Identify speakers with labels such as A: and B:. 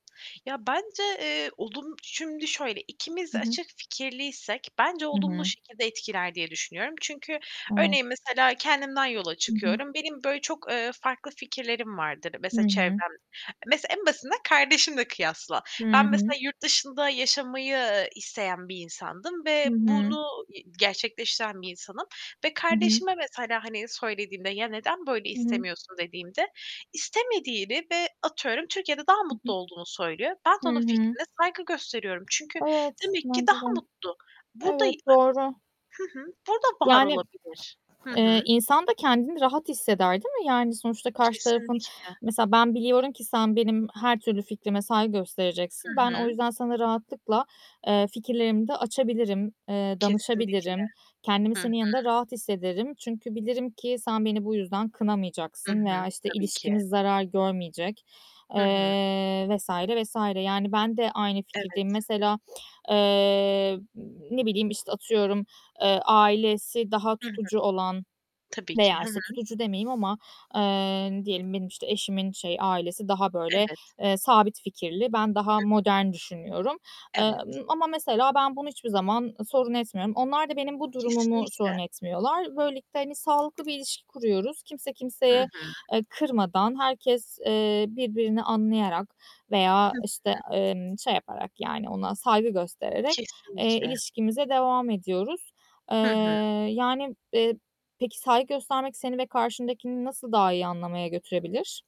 A: Ya, bence, eee, olum şimdi şöyle, ikimiz
B: Hı
A: de
B: hı.
A: açık fikirliysek bence
B: Hı
A: olumlu
B: hı.
A: şekilde etkiler diye düşünüyorum. Çünkü
B: A!
A: örneğin mesela kendimden yola
B: Hı hı.
A: çıkıyorum; benim böyle çok, ııı, farklı fikirlerim vardır,
B: Hı
A: mesela
B: hı.
A: çevrem mesela en basitinden kardeşimle kıyasla.
B: Hı
A: Ben
B: hı.
A: mesela yurt dışında yaşamayı, ııı, isteyen bir insandım
B: Hı
A: ve
B: hı.
A: bunu y gerçekleştiren bir insanım ve
B: Hı hı.
A: kardeşime mesela, hani, söylediğimde, "Ya neden böyle
B: Hı hı.
A: istemiyorsun?" dediğimde istemediğini ve atıyorum Türkiye'de daha
B: Hı hı.
A: mutlu olduğunu söylüyor. Ben de
B: Hı
A: onun
B: hı.
A: fikrine saygı gösteriyorum çünkü
B: Evet,
A: demek ki
B: bence
A: daha
B: de.
A: mutlu. Burada
B: Evet, doğru.
A: Hı hı, burada var
B: Yani,
A: olabilir. Hı hı.
B: ııı, insan da kendini rahat hisseder, değil mi? Yani sonuçta karşı tarafın
A: Kesinlikle.
B: mesela ben biliyorum ki sen benim her türlü fikrime saygı
A: Hı
B: göstereceksin. Ben o
A: hı.
B: yüzden sana rahatlıkla, eee, fikirlerimi de açabilirim, eee,
A: Kesinlikle.
B: danışabilirim. Kendimi
A: Hı hı.
B: senin yanında rahat hissederim. Çünkü bilirim ki sen beni bu yüzden
A: Hı
B: kınamayacaksın
A: hı.
B: veya işte
A: Tabii ki.
B: ilişkimiz zarar görmeyecek,
A: Hı hı.
B: eee, vs. vs. yani ben de aynı fikirdeyim.
A: Evet.
B: Mesela, ııı, ne bileyim, işte, atıyorum, ııı, ailesi daha
A: Hı hı.
B: tutucu olan
A: Tabii ki,
B: veya
A: hı
B: işte
A: hı.
B: tutucu demeyeyim ama, ııı, diyelim benim işte eşimin şey ailesi daha böyle,
A: Evet.
B: eee, sabit fikirli, ben daha
A: Hı hı.
B: modern düşünüyorum.
A: Evet.
B: Imm, ama mesela ben bunu zaman sorun etmiyorum. Onlar da benim bu durumumu
A: Kesinlikle.
B: sorun etmiyorlar. Böylelikle, hani, sağlıklı bir ilişki kuruyoruz. Kimse
A: Hı
B: kimseye,
A: hı.
B: ııı, kırmadan, herkes, eee, birbirini anlayarak veya,
A: Hı hı.
B: işte, emm, şey yaparak yani ona saygı göstererek, eee,
A: Kesinlikle.
B: ilişkimize devam ediyoruz.
A: Hı hı.
B: Iıı, yani, eee, peki saygı göstermek seni ve karşındakini nasıl daha iyi anlamaya götürebilir?